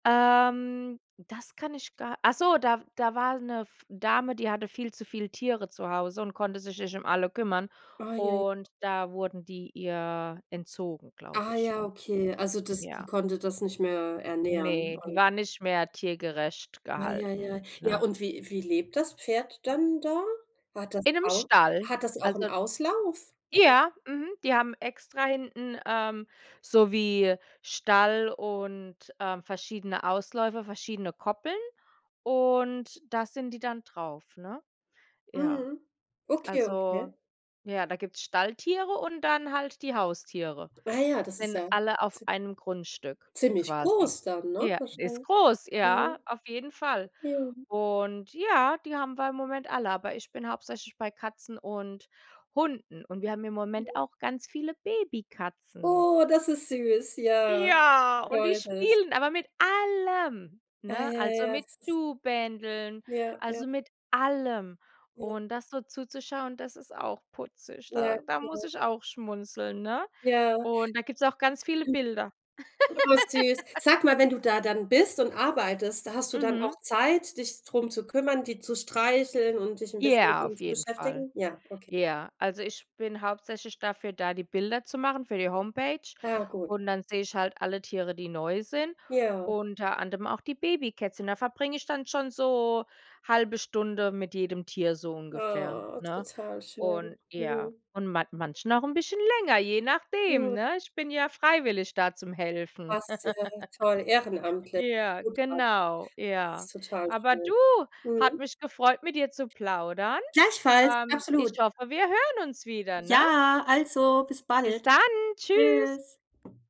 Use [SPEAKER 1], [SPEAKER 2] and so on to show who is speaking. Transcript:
[SPEAKER 1] Ähm, das kann ich gar Achso, da w da war 'ne F Dame, die hatte viel zu viele Tiere zu Hause und konnte sich nicht um alle kümmern.
[SPEAKER 2] Ui ui.
[SPEAKER 1] Und da wurden die ihr entzogen, glaube
[SPEAKER 2] Ah
[SPEAKER 1] ich,
[SPEAKER 2] ja, okay.
[SPEAKER 1] [unintelligible]
[SPEAKER 2] Also, das die
[SPEAKER 1] ja.
[SPEAKER 2] konnte das nicht mehr ernähren
[SPEAKER 1] Ne, die
[SPEAKER 2] und
[SPEAKER 1] war nicht mehr tiergerecht
[SPEAKER 2] Ja, ja, ja.
[SPEAKER 1] gehalten,
[SPEAKER 2] Ja,
[SPEAKER 1] ne?
[SPEAKER 2] und wie wie lebt das Pferd dann da? Hat das
[SPEAKER 1] In 'nem
[SPEAKER 2] auch
[SPEAKER 1] Stall.
[SPEAKER 2] hat das auch 'n
[SPEAKER 1] Also
[SPEAKER 2] Auslauf?
[SPEAKER 1] Ja, mhm, die haben extra hinten, ähm, so wie Stall und, ähm, verschiedene Ausläufer, verschiedene Koppeln. Und da sind die dann drauf, ne? Ja.
[SPEAKER 2] Mhm. Okay, okay.
[SPEAKER 1] Also, ja, da gibt's Stalltiere und dann halt die Haustiere.
[SPEAKER 2] Ah ja, das ist
[SPEAKER 1] Sind
[SPEAKER 2] ja
[SPEAKER 1] alle auf
[SPEAKER 2] zie
[SPEAKER 1] einem Grundstück
[SPEAKER 2] ziemlich
[SPEAKER 1] quasi.
[SPEAKER 2] groß dann, ne,
[SPEAKER 1] Ja, ist
[SPEAKER 2] wahrschein
[SPEAKER 1] groß,
[SPEAKER 2] mhm.
[SPEAKER 1] ja, auf jeden Fall.
[SPEAKER 2] Ja.
[SPEAKER 1] Und ja, die haben wir im Moment alle, aber ich bin hauptsächlich bei Katzen und Hunden. Und wir haben im Moment
[SPEAKER 2] Ja.
[SPEAKER 1] auch ganz viele Babykatzen.
[SPEAKER 2] Oh, das ist süß, ja.
[SPEAKER 1] Ja, und die
[SPEAKER 2] Goldig.
[SPEAKER 1] spielen, aber mit allem,
[SPEAKER 2] Ah,
[SPEAKER 1] ne,
[SPEAKER 2] ja
[SPEAKER 1] also
[SPEAKER 2] ja,
[SPEAKER 1] mit
[SPEAKER 2] das ist
[SPEAKER 1] Schuhbändeln,
[SPEAKER 2] Ja. Ja.
[SPEAKER 1] also mit allem.
[SPEAKER 2] Ja.
[SPEAKER 1] Und das so zuzuschauen, das ist auch putzig.
[SPEAKER 2] Ja,
[SPEAKER 1] Da da
[SPEAKER 2] klar.
[SPEAKER 1] muss ich auch schmunzeln, ne?
[SPEAKER 2] Ja.
[SPEAKER 1] Und da gibt's auch ganz viele
[SPEAKER 2] Du
[SPEAKER 1] Bilder.
[SPEAKER 2] Oh, süß. Sag mal, wenn du da dann bist und arbeitest, hast du dann
[SPEAKER 1] Mhm.
[SPEAKER 2] auch Zeit, dich drum zu kümmern, die zu streicheln und dich 'n bisschen mit
[SPEAKER 1] Ja,
[SPEAKER 2] ihnen
[SPEAKER 1] auf
[SPEAKER 2] zu
[SPEAKER 1] jeden Fall.
[SPEAKER 2] beschäftigen? Ja, okay.
[SPEAKER 1] Ja. Also, ich bin hauptsächlich dafür da, die Bilder zu machen, für die Homepage.
[SPEAKER 2] Ja, gut.
[SPEAKER 1] Und dann seh ich halt alle Tiere, die neu sind,
[SPEAKER 2] Ja.
[SPEAKER 1] unter anderem auch die Babykätzchen. Da verbringe ich dann schon so 1/2 Stunde mit jedem Tier so ungefähr,
[SPEAKER 2] Oh,
[SPEAKER 1] ne?
[SPEAKER 2] total schön.
[SPEAKER 1] Und ja,
[SPEAKER 2] Mhm.
[SPEAKER 1] und man manchen auch 'n bisschen länger, je nachdem,
[SPEAKER 2] Mhm.
[SPEAKER 1] ne? Ich bin ja freiwillig da zum Helfen.
[SPEAKER 2] Das ist ja toll, ehrenamtlich,
[SPEAKER 1] Ja,
[SPEAKER 2] Hut ab.
[SPEAKER 1] genau,
[SPEAKER 2] Das
[SPEAKER 1] ja.
[SPEAKER 2] ist total
[SPEAKER 1] Aber
[SPEAKER 2] schön,
[SPEAKER 1] du, hat
[SPEAKER 2] mhm.
[SPEAKER 1] mich gefreut, mit dir zu plaudern.
[SPEAKER 2] Gleichfalls,
[SPEAKER 1] Ähm, ich
[SPEAKER 2] absolut.
[SPEAKER 1] hoffe, wir hören uns wieder, ne?
[SPEAKER 2] Ja, also, bis
[SPEAKER 1] Bis
[SPEAKER 2] bald,
[SPEAKER 1] dann, tschüss.
[SPEAKER 2] tschüss.